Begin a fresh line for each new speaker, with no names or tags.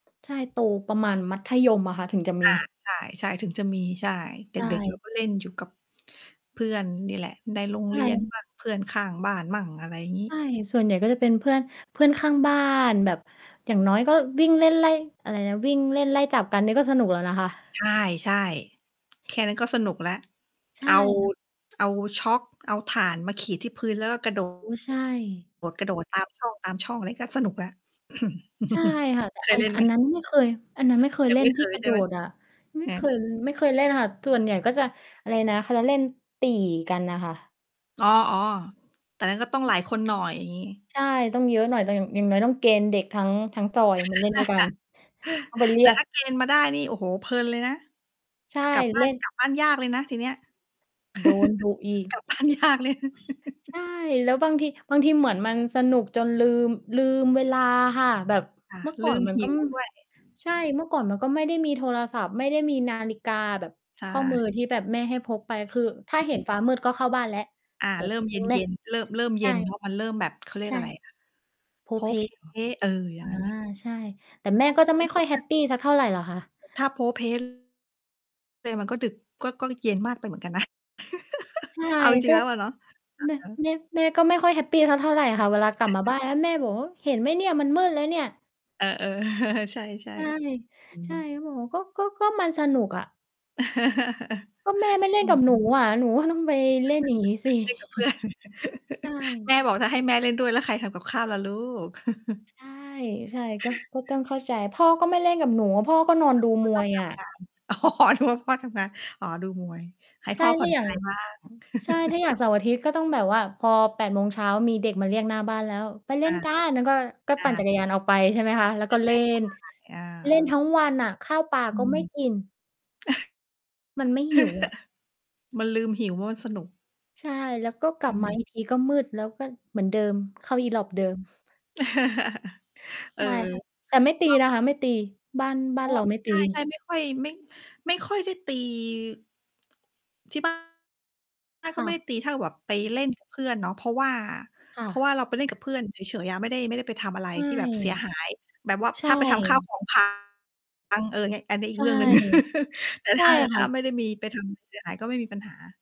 ใช่ โตประมาณมัธยมอะค่ะ ถึงจะม
อา
ี
ใช่ ใช่ ถึงจะมี ใช่ เด
ใช
็ก ๆ เรา
่
ก็ เล่นอยู่กับ เพื่อนนี่แหละ ในโรง
ใช
เรียน
่
บ้าง เพื่อนข้างบ้านมั่ง อะไรงี้
ใช่ ส่วนใหญ่ก็จะเป็นเพื่อน เพื่อนข้างบ้าน แบบ อย่างน้อยก็วิ่งเล่นไล่ อะไรนะ วิ่งเล่นไล่จับกันนี่ก็สนุกแล้วนะคะ
ใช่ ๆ แค่นั้นก็สนุกแล้ว
ใช
เอ
่
า
ค่ะ
เอาชอล์ก เอาถ่านมาขีดที่พื้นแล้ว กระโด
อุ๊ย ใช่
ด กระโดด ตามช่อง ตามช่อง อะไรก็สนุกแล้ว
ใช่ค่ะ แต่
เค
อ
ย
ั
เ
น
ล่นไ
อ
ห
ั
ม?
นนั้นไม่เคย อันนั้นไม่เคย
ยัง
เล่
ไม
น
่เ
ท
ค
ี่
ย
กร
ใ
ะ
ช
โด
่ไหม?
ดอะ ไม่
อื
เค
ม
ย ไม่เคยเล่นน่ะค่ะ ส่วนใหญ่ก็จะ อะไรนะ เขาจะเล่นตี่กันน่ะค่ะ
อ๋อ ๆ แต่นั่นก็ต้อง
ใช
หล
่
ายคนหน่อย อย่างงี้
ใช่ ต้องเยอะหน่อย แต่อย่าง อย่างน้อยต้องเกณฑ์เด็กทั้ง ทั้งซอยมาเล่นด้วยกัน ต้องไปเรี
แต่
ยก
ถ้าเกณฑ์ มาได้นี่ โอ้โฮ เพลินเลยนะ
ใช่
กลับบ้
เ
า
ล
น
่น
กลับบ้านยากเลยนะทีเนี้ย
โดนดุอีก
กลับบ้านยากเลย
ใช่ แล้วบางที บางทีเหมือนมันสนุกจนลืม ลืมเวลาค่ะ แบบ
ค่ะ
เมื่อ ก
ล
่อ
ื
น
ม
มัน
ห
ก็
ิวด้วย
ใช่ เมื่อก่อนมันก็ไม่ได้มีโทรศัพท์ ไม่ได้มีนาฬิกาแบบ
ใช
ข้อมื
่
อที่แบบแม่ให้พกไป คือถ้
อ
าเห็น
ืม
ฟ้ามืดก็เข้าบ้านแล้ว
อา
แต่
เริ่
ที
ม
่
เ
จ
ย
ริงแม่
็น ๆ เริ่ม เริ่ม
ใ
เ
ช
ย็
่
นเพราะมันเริ่มแบบ เขาเรีย
ใ
ก
ช่
อะไรอะ
โพล้
โพล้
เพล้
เพ
เหรอ?
ล้ เออ อย่
อ
าง
า
งั้นน่ะ
ใช่ แต่แม่ก็จะไม่ค่อยแฮปปีสักเท่าไรหรอกค่ะ
ถ้าโพล้ เพล้ เลยมันก็ดึก ก็ ก็ ล เย็นมากไปเหมือนกันนะ
ใช่
เอาจร
ก
ิ
็
ง ๆ แล้วอะเนาะ อ
แม่
ะฮะ
แม่ แม่ก็ไม่ค่อยแฮปปีสักเท่าไรหรอกค่ะ เวลากลับมาบ้านแล้วแม่บอก "โอ๊ย เห็นไหมเนี่ยมันมืดแล้วเนี่ย"
เออ ๆ ใช่
ใช่
ๆ อือ
ใช่
ฮึ
ก็บอกว่า "ก็ ก็ ก็มันสนุกอะ" "ก็แม่ไม่เล่
อื
นก
อ
ับ
ฮ
หนู
ึ
อะ หนูก็ต้องไปเล่นอย่างงี้สิ"
เล่นกับ เพื่อน
ใช่
แม่บอก "ถ้าให้แม่เล่นด้วยแล้วใครทำกับข้าวล่ะลูก"
ใช่ ใช่ ก็ ก็ต้องเข้าใจ "พ่อก็ไม่เล่นกับหนูอะ พ่อก็นอนดู
พ่
ม
อต
ว
้อง
ย
ท
อะ"
ำงาน อ๋อ นึกว่าพ่อทำงาน อ๋อ ดูมวย ให้
ใช
พ
่
่อ ผ
ถ
่
้
อ
า
น
อย่
ค
า
ล
ง
าย บ้าง
ใช่ ถ้าอย่างเสาร์อาทิตย์ก็ต้องแบบว่า พอ 8 โมงเช้า มีเด็กมาเรียกหน้าบ้านแล้ว "ไปเล่
อ
น
า
กัน" แล้วก็ ก็
อ
ปั่นจั
า
กรยานเอาไป ใช่ไหมคะ แล้วก็เล่น
อ
เล่นท
า
ั้งวันน่ะ ข้าวปลา
อื
ก็ไม่กิ
ม
น มันไม่หิวอะ
มันลืมหิว เพราะมันสนุก
ใช่ แล้วก็กล
อ
ั
ื
บมา
ม
อีกทีก็มืดแล้ว ก็เหมือนเดิม เข้าอีหรอบเดิม
เอ
ใ
อ
ช่ค่ะ แต่ไม่ตี
ต้อง
นะคะ ไม่ตี บ้าน บ้า
อ
น
้อ
เราไม่
ใ
ต
ช่
ี
ๆ ไม่ค่อย ไม่ ไม่ค่อยได้ตี ที่บ้าน
ค
ก็
่
ไม่ได้
ะ
ตี ถ้าเกิดแบบไปเล่น กับ เพื่อนเนาะ เพราะว่า
ค่
เพราะว
ะ
่าเราไปเล่นกับเพื่อนเฉย ๆ อะ ไม่ได้ ไม่ได้ไปทำอะไร
ใช่
ที่แบบเสียหาย แบบว่า
ใช
ถ้าไปทำ ข้าว
่
ของพัง เออ เงี้ย อันนี้อี
ใ
ก
ช
เ
่
รื่องหนึ่ง แต่
ใช
ถ
่
้า แต่
ค
ถ
่
้า
ะ
ไม่ได้มีไป ทำ เสียหายก็ไม่มีปัญหา